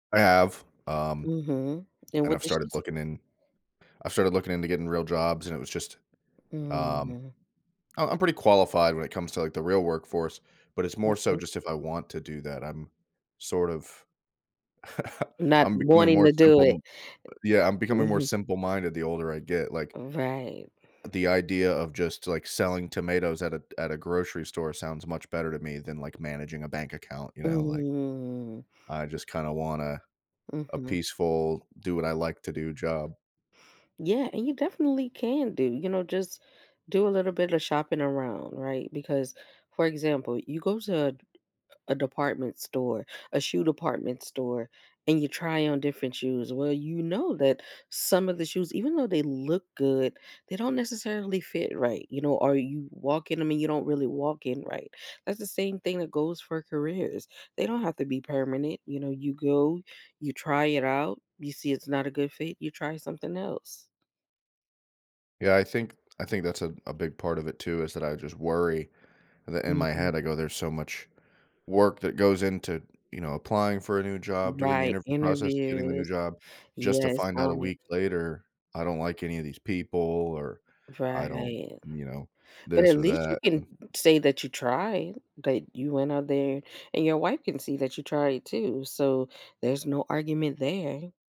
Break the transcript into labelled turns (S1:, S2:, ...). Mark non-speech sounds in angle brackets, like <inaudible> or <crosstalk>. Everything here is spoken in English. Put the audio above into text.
S1: I have, um,
S2: Mhm. And
S1: and
S2: what
S1: I've
S2: did she
S1: started
S2: say?
S1: looking in I've started looking into getting real jobs, and it was just, um
S2: Mhm.
S1: um, I'm pretty qualified when it comes to, like, the real workforce, but it's more so
S2: Okay.
S1: just if I want to do that, I'm sort of <chuckles>
S2: Not
S1: I'm becoming
S2: wanting
S1: more
S2: to do
S1: simple
S2: it
S1: m yeah, I'm becoming more
S2: mhm.
S1: simple minded the older I get, like
S2: Oh, right.
S1: the idea of just, like, selling tomatoes at a at a grocery store sounds much better to me than, like, managing a bank account, you know, like
S2: Mm.
S1: I just kinda want a a
S2: Mhm.
S1: peaceful "do what I like to do" job.
S2: Yeah, and you definitely can do, you know, just do a little bit of shopping around, right, because for example, you go to a department store, a shoe department store, and you try on different shoes, well, you know that some of the shoes, even though they look good, they don't necessarily fit right. You know, are you walking I mean, you don't really walk in right. That's the same thing that goes for careers. They don't have to be permanent, you know, you go, you try it out, you see it's not a good fit, you try something else.
S1: Yeah. I think I think that's a a big part of it too, is that I just worry, that in my
S2: Mhm.
S1: head, I go "There's so much work that goes into, you know, applying for a new job,
S2: Mm,
S1: doing the
S2: right,
S1: interview process, getting the new
S2: interviews.
S1: job, just to
S2: Yes,
S1: find out
S2: call
S1: a
S2: me
S1: week later, I don't like any of these people or I don't
S2: Right.
S1: you know,
S2: But
S1: this
S2: at
S1: or
S2: least you
S1: that."
S2: can say that you tried, that you went out there, and your wife can see that you tried too, so there's no argument there.